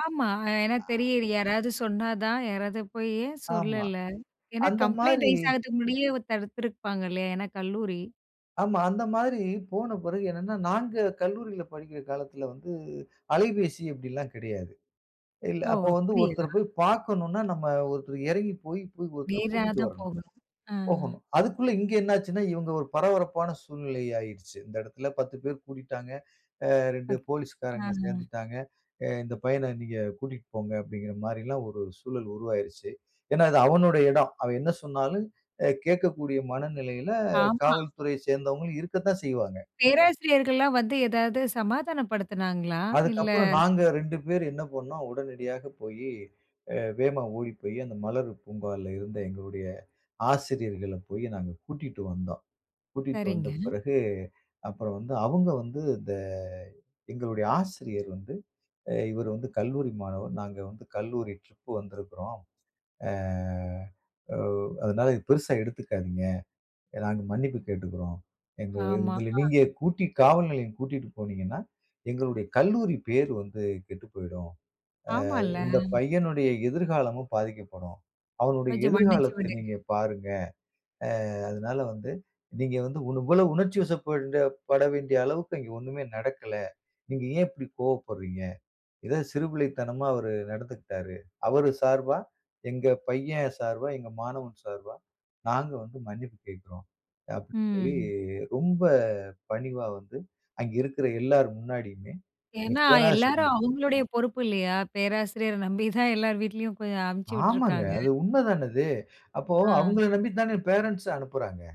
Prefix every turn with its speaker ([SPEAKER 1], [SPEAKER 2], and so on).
[SPEAKER 1] ஆமா. ஏன்னா
[SPEAKER 2] ஆ.
[SPEAKER 1] தெரியல. யாராவது சொன்னா தான். யாராவது போயி ஏன்
[SPEAKER 2] ஆமா,
[SPEAKER 1] சொல்லல? ஏன்னா
[SPEAKER 2] அந்த
[SPEAKER 1] கம்ப்ளைண்ட்
[SPEAKER 2] மாரி.
[SPEAKER 1] ரைஸ் ஆகுறதுக்கு முன்னாடியே தடுத்துருப்பாங்கல்லையா. ஏன்னா கல்லூரி.
[SPEAKER 2] ஆமா. அந்த மாரி போன பிறகு என்னன்னா, நாங்க கல்லூரியில படிக்கிற காலத்தில வந்து, அலைபேசி அப்டிலாம் கிடையாது. இல்ல
[SPEAKER 1] ஓ!
[SPEAKER 2] அப்போ வந்து ஒருத்தர
[SPEAKER 1] அப்டியா.
[SPEAKER 2] போய் பாக்கணும்னா, நம்ம ஒருத்தர் இறங்கி போயி கு ஒருத்தர
[SPEAKER 1] நேரா
[SPEAKER 2] கூட்டிட்டு
[SPEAKER 1] தான்
[SPEAKER 2] வரணும்.
[SPEAKER 1] போகணும். அ.
[SPEAKER 2] போகணும். அதக்குள்ள இங்கு என்ன ஆச்சுனா, இவங்க ஒரு பரபரப்பான சூழ்நிலை ஆகிடிச்சு. இந்த இடத்தில 10 பேர் கூடிட்டாங்க. அ 2
[SPEAKER 1] [unintelligible] அ.
[SPEAKER 2] போலீஸ் காரங்க
[SPEAKER 1] அ.
[SPEAKER 2] சேந்துட்டாங்க. அ "இந்த பையன நீங்க கூட்டிட்டு போங்க." அப்டிங்கற மாரிலாம் ஒரு சூழல் உருவாகிறிச்சு. ஏன்னா, அது அவனுடைய இடம். அவன் என்ன சொன்னாலும், அ கேட்கக்கூடிய மனநிலையில
[SPEAKER 1] ஆமா.
[SPEAKER 2] காவல்துறைய சேர்ந்தவங்க இருக்கத்தான் செய்வாங்க.
[SPEAKER 1] பேராசிரியர்கள்லாம் வந்து எதாவது சமாதானப்படுத்துனாங்களா? இல்ல
[SPEAKER 2] அதற்கப்பறம் நாங்க 2 பேரு என்ன பண்னோம். உடனடியாக போயி, அ வேமா ஓடி போயி. அந்த மலர் பூங்கால இருந்த எங்களுடைய ஆசிரியர்கள போயி நாங்க கூட்டிட்டு வந்தோம். கூட்டிட்டு வந்த
[SPEAKER 1] சரிங்க.
[SPEAKER 2] பிறகு. அப்பறம் வந்து அவுங்க வந்து இந்த எங்களுடைய ஆசிரியர் வந்து, அ இவர் வந்து கல்லூரி மாணவர், நாங்க வந்து கல்லூரி ட்ரிப் வந்திருக்கிறோம். அ ஓ அதனால இத பெரிசா எடுத்துக்காதீங்க. நாங்க மன்னிப்பு கேட்டுக்குறோம். "எங்கள
[SPEAKER 1] ஆமா.
[SPEAKER 2] இதுல
[SPEAKER 1] அ.
[SPEAKER 2] நீங்க கூட்டி காவல் நிலையம் கூட்டிட்டு போனீங்கன்னா, எங்களுடைய கல்லூரி பெயர் வந்து கெட்டு போய்டும். அ
[SPEAKER 1] ஆமால்ல.
[SPEAKER 2] இந்த பையனுடைய எதிர்காலமும் பாதிக்கப்படும். அவனுடைய
[SPEAKER 1] கொஞ்சம் மன்னிச்சு
[SPEAKER 2] எதிர்காலத்த
[SPEAKER 1] விடுங்க.
[SPEAKER 2] நீங்க பாருங்க. அ அதனால வந்து, நீங்க வந்து இவ்ண இவ்வளவு உணர்ச்சிவசப்பட பட வேண்டிய அளவுக்கு அங்க ஒண்ணுமே நடக்கல. நீங்க ஏன் இப்படி கோவப்பட்றீங்க? இது சிறுபிள்ளைத்தனமா அவரு நடந்துக்கிட்டாரு. அவரு சார்பா, எங்க பையன் சார்பா, எங்கள் மாணவன் சார்பா, நாங்க வந்து மன்னிப்பு கேட்குறோம்." அப்டின்னு சொல்லி
[SPEAKER 1] ம்.
[SPEAKER 2] ரொம்ப பணிவா வந்து, அங்கு இருக்குற எல்லார் முன்னாடியுமே எங்க
[SPEAKER 1] ஏன்னா, எல்லாரும்
[SPEAKER 2] பேராசிரியும்
[SPEAKER 1] அவங்களுடைய பொறுப்பு இல்லையா. பேராசிரியர நம்பி தான் எல்லார் வீட்லயும் போ அனுப்பிச்சி
[SPEAKER 2] ஆமாங்க,
[SPEAKER 1] விட்டுருக்காங்க.
[SPEAKER 2] அது உண்ம தான அது. அப்போ
[SPEAKER 1] ஆ.
[SPEAKER 2] அவங்கள நம்பி தான பேரன்ட்ஸ் அனுப்புறாங்க.